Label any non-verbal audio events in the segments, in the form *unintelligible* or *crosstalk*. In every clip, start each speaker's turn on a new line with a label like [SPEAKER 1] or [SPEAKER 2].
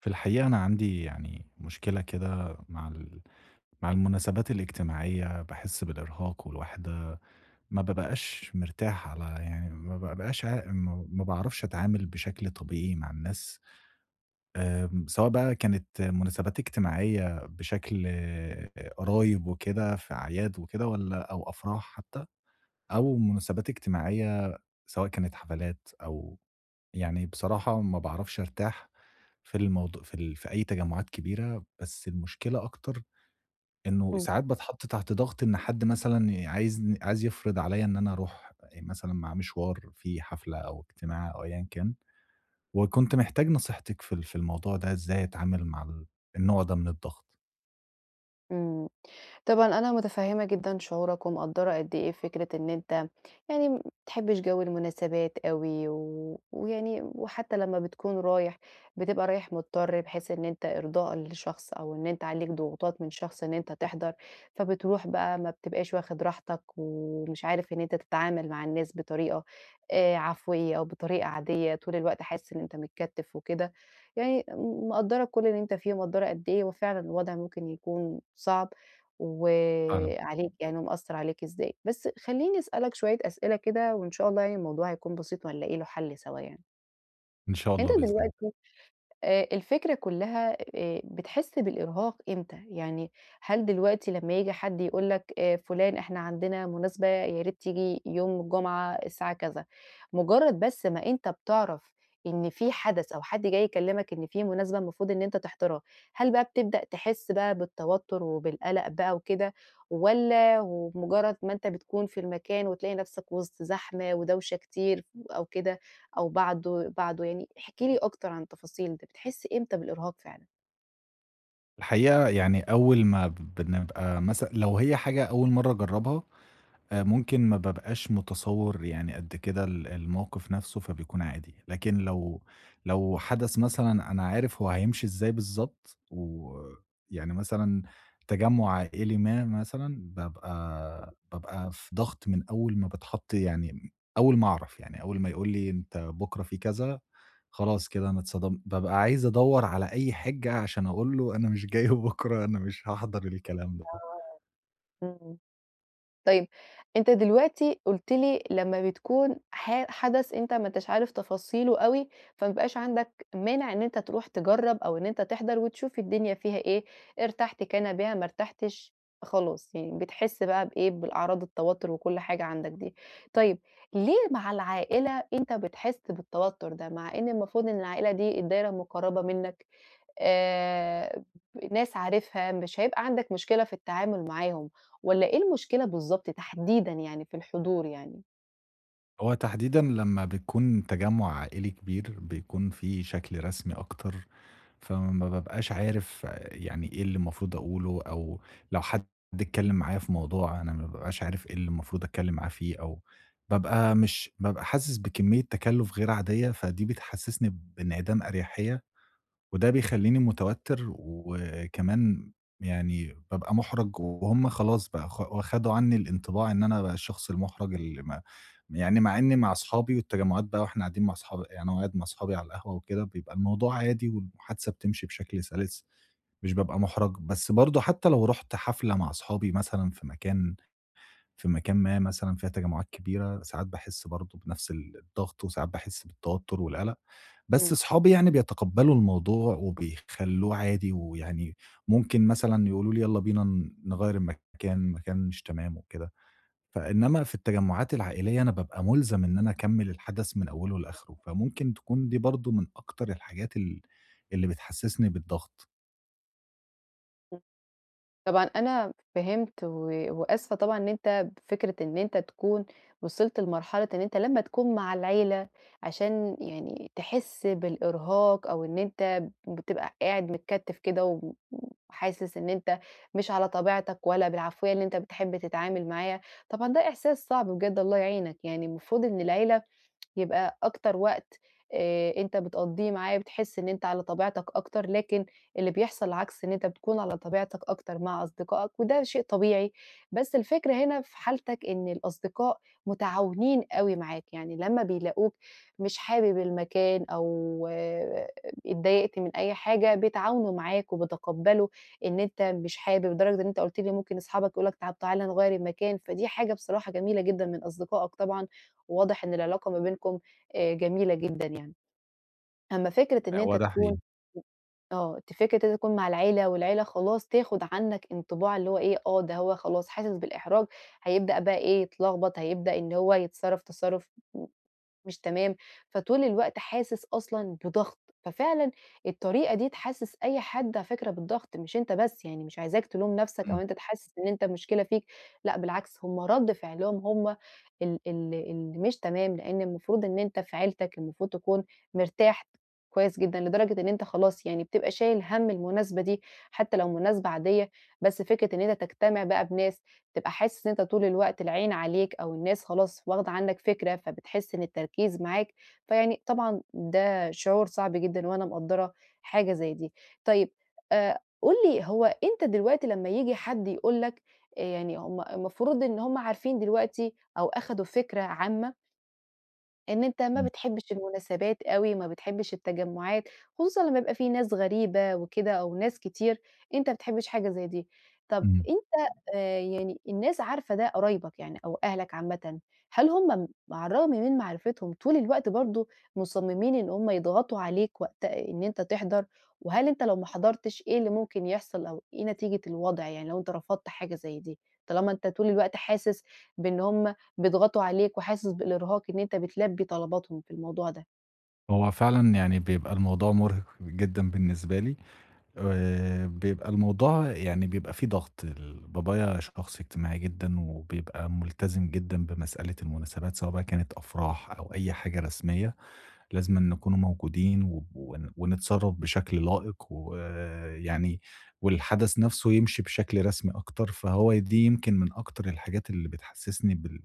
[SPEAKER 1] في الحقيقة أنا عندي يعني مشكلة كده مع ال مع المُناسبات الاجتماعية؛ باحِسّ بالإرهاق والوحدة، ما بابقاش مرتاح على يعني ما بابقاش عا م ما باعرفش أتعامل بشكل طبيعي مع الناس، آمم سواء بقى كانت مُناسبات اجتماعية بشكل قرايب وكده، في أعياد وكده، والّا أو أفراح حتى، أو مُناسبات اجتماعية سواء كانت حفلات أو يعني بصراحة ما باعرفش أرتاح في الموضوع في ال في أي تجمُعات كبيرة، بس المشكلة أكتر إنه
[SPEAKER 2] إمم.
[SPEAKER 1] ساعات باتحط تحت ضغط إن حد مثلًا عايزن عايز يفرض عليّا إن أنا أروح مثلًا معاه مشوار، فيه حفلة أو اجتماع أو أيًّا كان، وكنت محتاج نصيحتِك في ال في الموضوع ده، إزاي أتعامل مع ال النوع ده من الضغط؟
[SPEAKER 2] إمم. طبعًا أنا مُتفهمة جدًا شُعورك، ومقدَّرة قد إيه فكرة إن أنت يعني ما بتحبش جو المناسبات أوي، و ويعني وحتى لمّا بتكون رايح بتبقى رايح مضطر، بحيث إن أنت إرضاءً لشخص، أو إن أنت عليك ضغوطات من شخص إن أنت تحضر، فبتروح بقى ما بتبقاش واخد راحتك، ومش عارف إن أنت تتعامل مع الناس بطريقة آآ عفويَّة أو بطريقة عادية، طول الوقت حاسس إن أنت متكتِّف وكده. يعني م مقدَّرة كُلّ اللي أنت فيه، ومقدَّرة قد إيه هو فعلًا الوضع ممكن يكون صعب، و
[SPEAKER 1] فعلًا.
[SPEAKER 2] عليك يعني ومأثَّر عليك إزاي. بس خلّيني أسألك شوية أسئلة كده، وإن شاء الله يعني الموضوع هيكون بسيط، وهنلاقي له حَلّ سوا يعني.
[SPEAKER 1] إن شاء
[SPEAKER 2] أنت
[SPEAKER 1] الله بإذن الله.
[SPEAKER 2] دلوقتي آآ الفكرة كُلّها آآ بتحِس بالإرهاق إمتى، يعني هل دلوقتي لمّا ييجي حد يقول لك آآ فُلان إحنا عندنا مناسبة ياريت تيجي يوم الجمعة الساعة كذا، مُجرّد بس ما أنت بتعرف إن في حدث أو حد جاي يكلّمك إن في مناسبة المفروض إن أنت تحضرها، هل بقى بتبدأ تحِس بقى بالتوتُّر وبالقَلَق بقى وكده، والّا وبمُجرّد ما أنت بتكون في المكان وتلاقي نَفْسك وِسط زحمة ودوشة كتير أو كده أو بعد بعده يعني، احكِ لي أكتر عن التفاصيل دي، بتحِس إمتى بالإرهاق فعلًا؟
[SPEAKER 1] الحقيقة يعني أول ما بنبقى مثلًا لو هي حاجة أول مرّة أجرّبها، آآ ممكن ما بابقاش متصوِّر يعني قد كده ال المَوقف نَفْسه فبيكون عادي، لكن لو لو حدث مثلًا أنا عارف هو هيمشي إزاي بالضبط ويعني مثلًا تجمُّع عائلي ما مثلًا، بابقى بابقى في ضغط من أول ما باتحَط يعني م أول ما أعرف. يعني أول ما يقول لي أنت بُكرة في كذا، خلاص كده أنا اتصدمت، بابقى عايز أدوّر على أي حِجّة عشان أقول له أنا مش جاي بُكره، أنا مش هاحضر الكلام ده.
[SPEAKER 2] آه. إمم. طيب، أنت دلوقتي قُلت لي لمّا بتكون ح حدث أنت ما أنتاش عارف تفاصيله أوي، فما بيبقاش عندك مانع إن أنت تروح تجرّب أو إن أنت تحضر وتشوف الدنيا فيها إيه، ارتحت كان بها، ما ارتحتش خلاص. يعني بتحِس بقى بإيه، بالأعراض التوتُّر وكل حاجة عندك دي. طيب، ليه مع العائلة أنت بتحِس بالتوتُّر ده، مع إن المفروض إن العائلة دي الدايرة المُقرّبة منّك، آآ ب ناس عارفها مش هيبقى عندك مشكلة في التعامل معاهم، والّا إيه المشكلة بالضبط تحديدًا يعني في الحضور يعني؟
[SPEAKER 1] هو تحديدًا لمّا بتكون تَجمُّع عائلي كبير، بيكون في شكل رسمي أكتر، فما بابقاش عارف يعني إيه اللي المفروض أقوله، أو لو حد اتكلّم معايا في موضوع، أنا ما بابقاش عارف إيه اللي المفروض أتكلّم معاه فيه، أو بابقى مش بابقى حاسِس بكمية تَكَلُّف غير عاديّة، فدي بتحسِّسني بانعدام أريحيّة، وده بيخلّيني مُتوتِّر و وكمان يعني بابقى مُحرَج، وهُم خلاص بقى خ خدوا عنّي الإنطباع إن أنا بقى الشخص المُحرَج اللي ما يعني مع إنّي مع أصحابي، والتجمعات بقى وإحنا قاعدين مع اصحاب يعني قاعد مع أصحابي على القهوة وكده، بيبقى الموضوع عادي والمُحادثة بتمشي بشكل سَلِس، مش بابقى مُحرَج. بس برضو حتّى لو رُحت حفلة مع أصحابي مثلًا في مكان في مكان ما مثلًا فيها تجمعات كبيرة، ساعات باحِسّ برضو بنفس ال الضغط، وساعات باحِسّ بالتوتّر والقلق. بس
[SPEAKER 2] امم.
[SPEAKER 1] أصحابي يعني بيتقبلوا الموضوع، وبيخلّوه عادي، ويعني ممكن مثلًا يقولوا لي: "يالّا بينا ن نغيَّر المكان، مكان مش تمام." وكده، فإنما في التَّجمُّعات العائليّة أنا بابقى مُلزم إن أنا أكمِل الحدث من أوله لآخره،
[SPEAKER 2] *unintelligible*
[SPEAKER 1] فممكن تكون دي برضو من أكتر الحاجات ال اللي بتحسِّسني بالضغط.
[SPEAKER 2] امم. طبعًا أنا فهمت، و وآسفة طبعًا، إن أنتَ بفكرة إن أنتَ تكون وصلت لمرحلة إن أنتَ لمّا تكون مع العيلة، عشان يعني تحِس بالإرهاق، أو إن أنتَ بتبقى قاعد متكتِّف كده، و وحاسس إن أنتَ مش على طبيعتك، ولا بالعفوية اللي أنتَ بتحِب تتعامل معايا، طبعًا ده إحساس صعب بجد، الله يعينَك يعني. المفروض إن العيلة يبقى أكتر وقت آآ، أنتَ بتقضِيه معاه، بتحس إن أنتَ على طبيعتك أكتر. لكن اللي بيحصل العكس، إن أنتَ بتكون على طبيعتك أكتر مع أصدقائك، وده شيء طبيعي. بس الفكرة هنا، في حالتك إن الأصدقاء متعاونين أوي معاك يعني، لمّا بيلاقوك مش حابب المكان أو اتضايقت من أي حاجة، بيتعاونوا معاك وبيتقبَّلوا إن أنتَ مش حابب، لدرجة إن أنتَ قُلت لي ممكن أصحابك يقولوا لك: "طب تعالَ نغيِّر المكان." فدي حاجة بصراحة جميلة جدًا من أصدقائك طبعًا، وواضِح إن العلاقة ما بينكم آآ، جميلة جدًا يعني. أمَّا فكرة
[SPEAKER 1] آه،
[SPEAKER 2] إن أنتَ
[SPEAKER 1] هو ده
[SPEAKER 2] تكون
[SPEAKER 1] حقيقي.
[SPEAKER 2] آه، دي فكرة إن أنتَ تكون مع العيلة، والعيلة خلاص تاخُد عنك انطباع اللي هو إيه، آه، ده هو خلاص، حاسس بالإحراج، هيبدأ بقى إيه، يتلغبط، هيبدأ إن هو يتصرَّف تصرُّف م مش تمام، فطول الوقت حاسس أصلًا بضغط. ففعلًا الطريقة دي تحسس أي حد على فكرة بالضغط، مش أنتَ بس يعني، مش عايزاك تلوم نفسك، أو
[SPEAKER 1] إمم.
[SPEAKER 2] أنتَ تحس إن أنتَ المشكلة فيك. لأ، بالعكس، هُم رد فعلهم هُم ال ال اللي مش تمام. لأن المفروض إن أنتَ في عيلتك، المفروض تكون مرتاح كويِّس جدًا، لدرجة إن أنتَ خلاص يعني بتبقى شايِل هَمّ المناسبة دي، حتى لو مناسبة عادية. بس فكرة إن أنتَ تجتمَع بقى بناس، تبقى حاسس إن أنتَ طول الوقت العين عليك، أو الناس خلاص واخدة عنّك فكرة، فبتحس إن التركيز معاك. فيعني طبعًا ده شعور صعب جدًا وأنا مقدّرة حاجة زي دي. طيب أ قُل لي، هو أنتَ دلوقتي لمّا ييجي حد يقول لك آآ، يعني هُم المفروض إن هُم عارفين دلوقتي، أو أخدوا فكرة عامة إن أنتَ ما
[SPEAKER 1] إمم.
[SPEAKER 2] بتحبِّش المناسبات أوي، ما بتحبِّش التجمُّعات، خصوصًا لمّا يبقى في ناس غريبة وكده، أو ناس كتير، أنتَ ما بتحبِّش حاجة زي دي. طب
[SPEAKER 1] اهم.
[SPEAKER 2] أنتَ آآ، يعني الناس عارفة ده، قرايبَك يعني أو أهلَك عامةً، هل هُم على الرغَم من معرِفتهم، طول الوقت برضه مصمِّمين إن هُم يضغُطوا عليك وقت إن أنتَ تحضَر؟ وهل أنتَ لو ما حضَّرتِش، إيه اللي ممكن يحصَل، أو إيه نتيجة الوضع يعني، لو أنتَ رفَضت حاجة زي دي؟ طالما أنتَ طول الوقت حاسس بأن هُم بيضغطوا عليك، وحاسس بالإرهاق إن أنتَ بتلبِّي طلباتهم في الموضوع ده.
[SPEAKER 1] هو فعلًا يعني بيبقى الموضوع مُرهِق جدًا بالنسبة لي، آآ، بيبقى الموضوع يعني بيبقى في ضغط. ال بابايا شخص اجتماعي جدًا وبيبقى ملتزِم جدًا بمسألة المناسبات، سواء بقى كانت أفراح أو أي حاجة رسمية، لازِمًا نكونوا موجودين، ون ونتصرَّف بشكل لائِق، ويعني والحدَث نفسه يمشي بشكل رسمي أكتر. فهو دي يمكن من أكتر الحاجات اللي بتحسّسني بال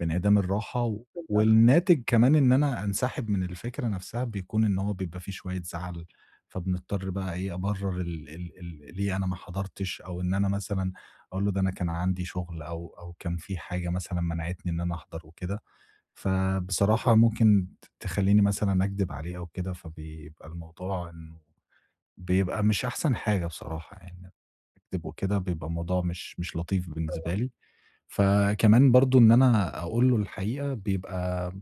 [SPEAKER 1] بانعدام الراحة.
[SPEAKER 2] بالضغط.
[SPEAKER 1] والناتِج كمان إن أنا أنسحب من الفكرة نفسها، بيكون إن هو بيبقى في شوية زعَل، فبنضطَر بقى إيه، أبرِّر ال ال ال ليه أنا ما حضرتِش، أو إن أنا مثلًا أقول له: "ده أنا كان عندي شغل." أو أو كان في حاجة مثلًا منعَتني إن أنا أحضر وكده. فبصراحة
[SPEAKER 2] تمام.
[SPEAKER 1] ممكن ت تخلِّيني مثلًا أكدب عليه أو كده، فبيبقى الموضوع إنه بيبقى مش أحسن حاجة بصراحة يعني، أكدب وكده، بيبقى الموضوع مش مش لطيف
[SPEAKER 2] طبعًا.
[SPEAKER 1] بالنسبة لي. فكمان برضه إن أنا أقول له الحقيقة، بيبقى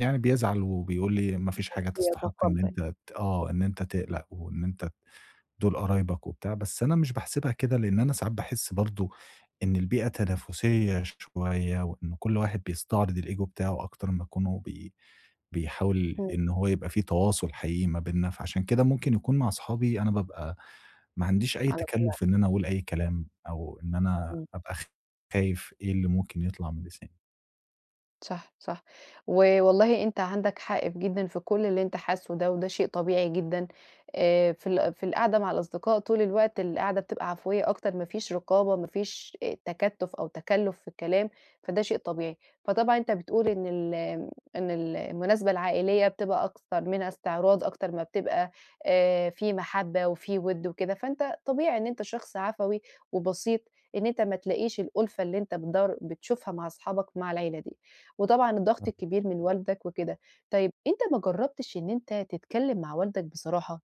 [SPEAKER 1] يعني بيزعَل وبيقول لي: "ما فيش حاجة تستحق إن
[SPEAKER 2] وبيتقبّل.
[SPEAKER 1] أنتَ ت" آه، "إن أنتَ تقلَق، وإن أنتَ ت دُول قرايبَك وبتاع." بس أنا مش باحسِبها كده، لإن أنا ساعات باحس برضه إن البيئة تنافِسية شوية، وإن كل واحد بيستعرض الego بتاعه، أكتر ما يكونوا بي بيحاول
[SPEAKER 2] اهم.
[SPEAKER 1] إن هو يبقى في تواصل حقيقي ما بيننا. فعشان كده ممكن يكون مع صحابي، أنا بابقى ما عنديش أي
[SPEAKER 2] على طبيعتك.
[SPEAKER 1] تكلُّف إن أنا أقول أي كلام، أو إن أنا
[SPEAKER 2] إمم.
[SPEAKER 1] أبقى خايِف إيه اللي ممكن يطلَع من لساني.
[SPEAKER 2] صح، صح، ووالله أنت عندك حق في جدًا في كلّ اللي أنت حاسُّه ده، وده شيء طبيعي جدًا آآ في ال في القعدة مع الأصدقاء طول الوقت، القعدة بتبقى عفوية أكتر، ما فيش رقابة، ما فيش إ تكتُّف أو تكلُّف في الكلام، فده شيء طبيعي. فطبعًا أنت بتقول إن ال آمم إن ال المناسبة العائلية بتبقى أكتر منها إستعراض، أكتر ما بتبقى آآ في مَحبَّة وفي وِد وكده، فأنت طبيعي إن أنت شخص عفوي وبسيط إن أنت ما تلاقيش الأُلفة اللي أنت بتدوَّر بتشوفها مع أصحابك مع العيلة دي، وطبعًا الضغط
[SPEAKER 1] إمم.
[SPEAKER 2] الكبير من والدك وكده. طيّب أنت ما جرّبتش إن أنت تتكلّم مع والدك بصراحة.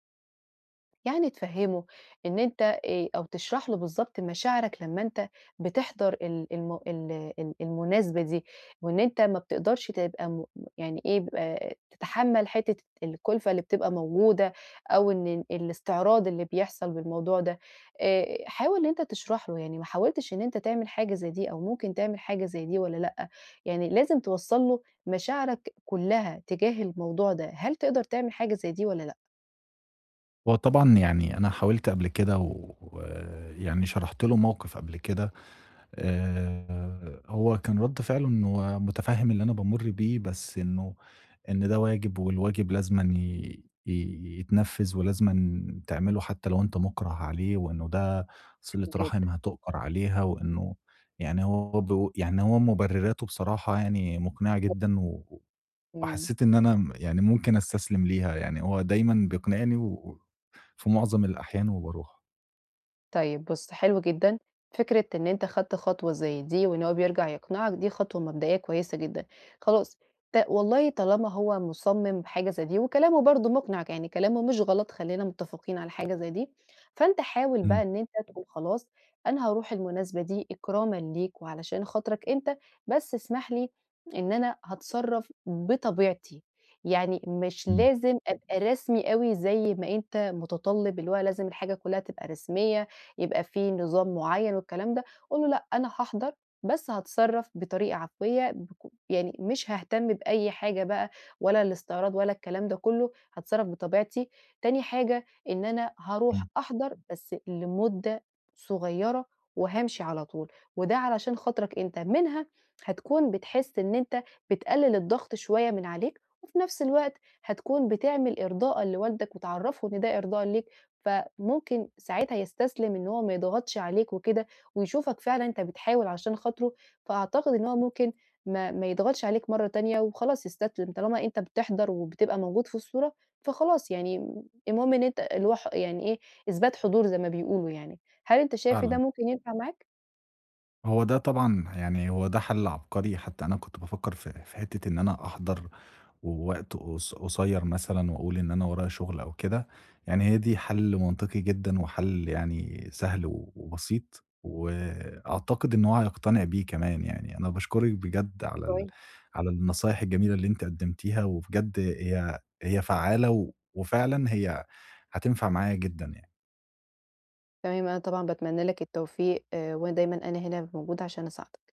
[SPEAKER 2] يعني تفهِّمُه إن أنت آآ، أو تشرَح له بالضبط مشاعرك لمّا أنت بتحضَر ال الم ال ال المناسبة دي، وإن أنت ما بتقدَرش تبقى مم يعني إيه ب تتحمل حتّة الكُلفَة اللي بتبقى موجودة، أو إن ال الإستعراض اللي بيحصَل بالموضوع ده آآ، حاول إن أنت تشرَحه. يعني ما حاولتش إن أنت تعمل حاجة زي دي، أو ممكن تعمل حاجة زي دي والّا لأ؟ يعني لازم توصَّل له مشاعرك كلّها تجاه الموضوع ده. هل تقدَر تعمل حاجة زي دي والّا لأ؟
[SPEAKER 1] هو طبعًا يعني أنا حاولت قبل كده ويعني شرَحت له موقِف قبل كده آآ، هو كان رَد فِعله إنّه متفهِّم اللي أنا بامُرّ بيه بس إنه، إن "ده واجب والواجب لازمًا ي ي يتنفّذ ولازمًا تعمله حتى لو أنت مُكرَه عليه، وإنه ده صِلة
[SPEAKER 2] حلو جدًا.
[SPEAKER 1] رَحم هتؤجر عليها وإنه" يعني هو برضه يعني هو مُبرِراته بصراحة يعني مُقنعة
[SPEAKER 2] *unintelligible*
[SPEAKER 1] جدًا، و
[SPEAKER 2] إمم.
[SPEAKER 1] وحسّيت إن أنا م يعني ممكن استسلِم ليها، يعني هو دايمًا بيقنِعني و في مُعظم الأحيان وبارُوح.
[SPEAKER 2] طيب بُصّ، حلو جدًا، فكرة إن أنت خدت خطوة زي دي وإن هو بيرجَع يقنِعك دي خطوة مبدئيّة كويّسة جدًا، خلاص ت والله طالما هو مُصمِّم بحاجة زي دي وكلامه برضه مُقنِع ك يعني كلامه مش غلط خلّينا مُتفقين على حاجة زي دي، فأنت حاول بقى
[SPEAKER 1] إمم.
[SPEAKER 2] إن أنت تقول: "خلاص أنا هارُوح المناسبة دي إكرامّا ليك وعلشان خاطرك أنت، بس اسمح لي إن أنا هاتصرّف بطبيعتي، يعني مش
[SPEAKER 1] إمم.
[SPEAKER 2] لازم أبقى رسمي أوي زي ما أنت مُتطلِّب، اللي هو لازم الحاجة كلّها تبقى رسميّة يبقى في نظام معيّن والكلام ده." قُل له: "لأ، أنا هاحضَر بس هاتصرَّف بطريقة عفوية بك يعني مش هاهتم بأي حاجة بقى ولا الإستعراض ولا الكلام ده كلّه، هاتصرّف بطبيعتي، تاني حاجة إن أنا هارُوح
[SPEAKER 1] إمم.
[SPEAKER 2] أحضَر بس لمدة صغيّرة وهامشي على طول، وده علشان خاطرك أنت." منها هتكون بتحس إن أنت بتقلّل الضغط شوية من عليك، وفي نفس الوقت هتكون بتعمل إرضاءً لوالدك وتعرّفه إن ده إرضاءً ليك فممكن ساعتها يستسلم إن هو ما يضغَطش عليك وكده، ويشوفك فعلًا أنت بتحاول عشان خاطره، فأعتقد إن هو ممكن ما ما يضغَطش عليك مرّة تانية وخلاص يستسلِم، طالما أنت بتحضر وبتبقى موجود في الصورة فخلاص يعني المهم إن أنت الهو ح يعني إيه إثبات حضور زي ما بيقولوا يعني. هل أنت شايف إن
[SPEAKER 1] فعلًا.
[SPEAKER 2] ده ممكن ينفَع معاك؟
[SPEAKER 1] هو ده طبعًا ه يعني هو ده حَل عبقري، حتى أنا كنت بافكّر في في حِتّة إن أنا أحضر و وقت قص قصيّر مثلًا وأقول إن أنا ورايا شُغل أو كده، يعني هي دي حل منطقي جدًا وحل يعني سهل و وبسيط، وأعتقد إن هو هيقتنع بيه كمان يعني. أنا باشكرِك بجد على ال
[SPEAKER 2] كويس.
[SPEAKER 1] على النصايح الجميلة اللي أنتِ قدمتيها، وبجد هي هي فعّالة وفعلًا هي هتنفع معايا جدًا يعني.
[SPEAKER 2] تمام، أنا طبعًا باتمنى لك التوفيق، وأنا دايمًا أنا هنا موجودة عشان أساعدك.